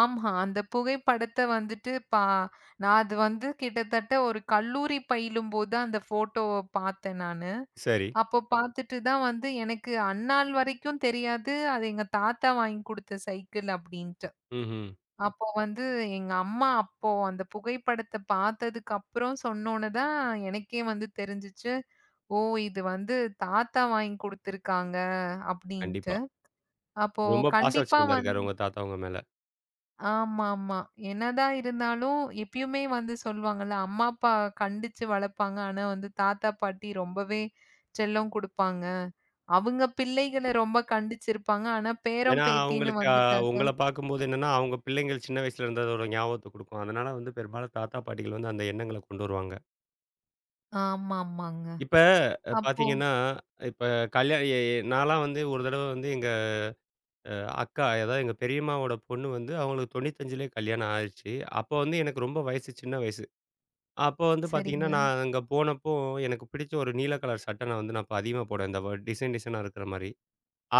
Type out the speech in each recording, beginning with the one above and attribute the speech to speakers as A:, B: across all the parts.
A: ஆமா, அந்த புகைப்படத்த வந்துட்டு பா நான் அது வந்து கிட்டத்தட்ட ஒரு கல்லூரி பயிலும் போதுதான் அந்த ஃபோட்டோவ பாத்தேன் நானு.
B: சரி.
A: அப்பப் பாத்துட்டு தான் வந்து எனக்கு அந்நாள் வரைக்கும் தெரியாது. அது எங்க தாத்தா வாங்கி குடுத்த சைக்கிள் அப்படின்ட்டு.
B: ம்ஹ்ம்.
A: அப்போ வந்து எங்க அம்மா அப்போ அந்தப் புகைப்படத்த பாத்ததுக்கு அப்புறம் சொன்னவுனே தான் எனக்கே வந்து தெரிஞ்சுச்சு. ஓ! இது வந்து தாத்தா வாங்கி குடுத்திருக்காங்க அப்படின்ட்டு.
B: கண்டிப்பா.
A: அப்போ
B: ரொம்ப பாசம்
A: கண்டிப்பா வந்து
B: வச்சிருந்துருக்காரு, உங்க தாத்தா உங்க மேல.
A: ஆமாமா. என்னதான் இருந்தாலும் இப்பயிமே வந்து சொல்லுவாங்களா. அம்மா அப்பா கண்டிச்சு வளர்ப்பாங்க. ஆனா வந்து தாத்தா பாட்டி ரொம்பவே செல்லம் கொடுப்பாங்க. அவங்க பிள்ளைகள ரொம்ப கண்டிச்சு இருப்பாங்க. ஆனா பேரன்
B: ஏன்னா
A: பேத்தின்னு
B: அவங்களுக்கு. ஆ,
A: வந்துட்டாக்கா
B: உங்கள பாக்கும் போது என்னன்னா அவங்க பிள்ளைங்கள் சின்ன வயசுல இருந்ததோட ஒரு ஞாபகத்த குடுக்கும். அதனால வந்து பெரும்பாலும் தாத்தா, பாட்டிகள் வந்து அந்த எண்ணங்கள கொண்டு வருவாங்க.
A: ஆமாமாங்க.
B: இப்ப
A: அப்போ
B: பாத்தீங்கன்னா, இப்ப கல்யா இ நாலாம் வந்து ஒரு தடவ வந்து எங்க. அ. அக்கா, எதா எங்க பெரியம்மாவோட பொண்ணு வந்து அவங்களுக்கு 95 கல்யாணம் ஆயிருச்சு. அப்போ வந்து எனக்கு ரொம்ப வயசு சின்ன வயசு. அப்போ வந்து பாத்தீங்கன்னா
A: சரிங்க.
B: நான் அங்க போனப்போ எனக்கு பிடிச்ச ஒரு நீல கலர் சட்ட நான் வந்து அப்ப அதிகமா போடுவ. அந்த டிசைன் டிசைனா இருக்குற மாரி.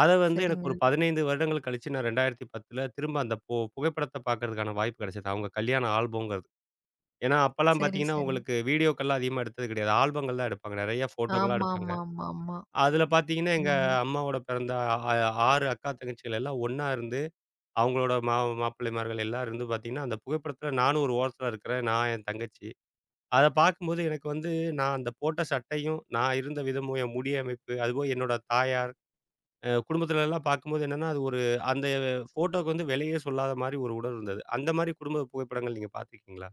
B: அத வந்து எனக்கு
A: சரிங்க.
B: ஒரு 15 வருடங்கள் கழிச்சு நான் 2010 திரும்ப அந்த. பு புகைப்படத்த பாக்கறதுக்கான வாய்ப்பு கிடைச்சது. அவங்க கல்யாணம் ஆல்பம்ங்கறது. ஏன்னா அப்பல்லாம்
A: சரி,
B: பாத்தீங்கன்னா
A: சரி.
B: உங்களுக்கு வீடியோகெல்லாம் அதிகமா எடுத்தது கிடையாது. ஆல்பங்கள் தான் எடுப்பாங்க. நிறைய ஃபோட்டோலா எடுப்பாங்க.
A: ஆமாமாமாமா.
B: அதுல பாத்தீங்கன்னா எங்க
A: ம்.
B: அம்மாவோட பிறந்த, ஆ 6 அக்கா, தங்கச்சிகள் எல்லா ஒண்ணா இருந்து அவங்களோட, ம மாப்பிள்ளைமார்கள் எல்லா இருந்து பாத்தீங்கன்னா அந்தப் புகைப்படத்துல நானும் ஒரு ஓரத்துல இருக்குற. நான் என் தங்கச்சி. அத பாக்கும் போது எனக்கு வந்து நான் அந்த போட்ட சட்டையும், நான் இருந்த விதமும், என் முடி அமைப்பு, அதுவும் என்னோட தாயார். ஆ. குடும்பத்துலலாம் பார்க்கும் போது என்னன்னா அது ஒரு அந்த ஃபோட்டோக்கு விலையே சொல்லாத மாரி ஒரு உடல் இருந்தது. அந்த மாரி குடும்ப புகைப்படங்கள் நீங்க பாத்துருக்கீங்களா?